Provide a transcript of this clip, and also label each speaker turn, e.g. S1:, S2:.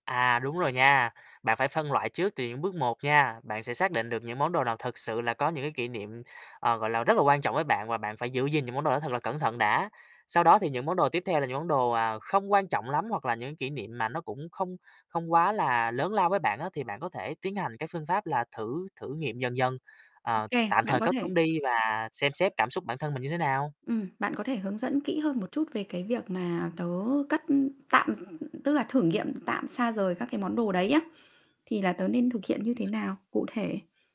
S1: À, đúng rồi nha. Bạn phải phân loại trước từ những bước một nha, bạn sẽ xác định được những món đồ nào thực sự là có những cái kỷ niệm, ờ, gọi là, rất là quan trọng với bạn và bạn phải giữ gìn những món đồ đó thật là cẩn thận đã. Sau đó thì những món đồ tiếp theo là những món đồ, à, không quan trọng lắm, hoặc là những kỷ niệm mà nó cũng không không quá là lớn lao với bạn á thì bạn có thể tiến hành cái phương pháp là thử thử nghiệm dần dần,
S2: Ô
S1: ờ,
S2: kê,
S1: tạm
S2: bạn
S1: thời
S2: có
S1: cất
S2: thể
S1: chúng đi và xem xét cảm xúc bản thân mình như thế nào.
S2: Ừm, bạn có thể hướng dẫn kỹ hơn một chút về cái việc mà tớ cắt, ưm, tạm, tức là thử nghiệm tạm xa rời các cái món đồ đấy á, thì là tớ nên thực hiện như thế nào, cụ thể?